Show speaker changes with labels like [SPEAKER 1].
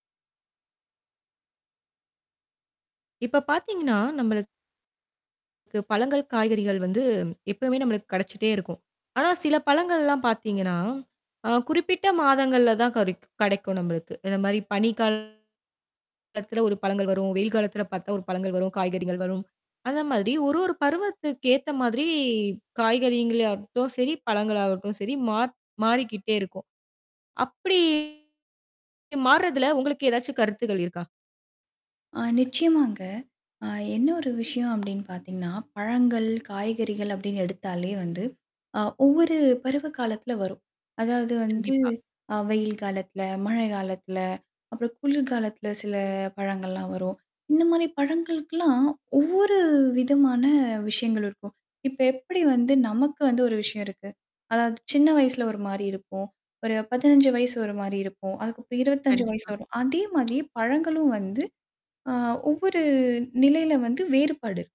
[SPEAKER 1] இப்ப பாத்தீங்கன்னா நம்மளுக்குக்கு பழங்கள், காய்கறிகள் வந்து எப்பவுமே நம்மளுக்கு கிடைச்சிட்டே இருக்கும். ஆனா, சில பழங்கள்லாம் பாத்தீங்கன்னா. ஆ குறிப்பிட்ட மாதங்கள்ல தான் கறைக்கும் கிடைக்கும் நம்மளுக்கு. இந்த மாரி பனிக்கா காலத்துல ஒரு பழங்கள் வரும். வெயில் காலத்தில பாத்தா ஒரு பழங்கள் வரும், காய்கறிகள் வரும். அந்த மாரி ஒரு ஒரு பருவத்துக்கு ஏத்த மாதிரி காய்கறியங்கள் ஆகட்டும் சரி, பழங்கள் ஆகட்டும் சரி, மாற் மாறிக்கிட்டே இருக்கும். அப்படி மாறுறதுல உங்களுக்கு ஏதாச்சும் கருத்துக்கள் இருக்கா?
[SPEAKER 2] ஆ நிச்சயமாங்க. ஆ என்ன ஒரு விஷயம் அப்படின்னு பாத்தீங்கன்னா, பழங்கள், காய்கறிகள் அப்டின்னு எடுத்தாலே வந்து ஆ ஒவ்வொரு பருவ காலத்தல வரும். அதாவது வந்து
[SPEAKER 1] கண்டிப்பா.
[SPEAKER 2] அ வெயில் காலத்தில, மழை காலத்தில, அப்புறம் குளிர்கலத்தில சில பழங்கள்லாம் வரும். இந்த மாரி பழங்களுக்குலாம் ஒவ்வொரு விதமான விஷயங்கள் இருக்கும். இப்ப எப்படி வந்து நமக்கு வந்து ஒரு விஷயம் இருக்கு? அதாவது சின்ன வயசுல ஒரு மாரி இருப்போம். ஒரு 15 வயசு ஒரு மாரி இருக்கும். அதுக்கப்புறம் 25 வயசு
[SPEAKER 1] கண்டிப்பா.
[SPEAKER 2] வரும். அதே மாதிரியே பழங்களும் வந்து ஆ ஒவ்வொரு நிலையில வந்து வேறுபாடு இருக்கும்.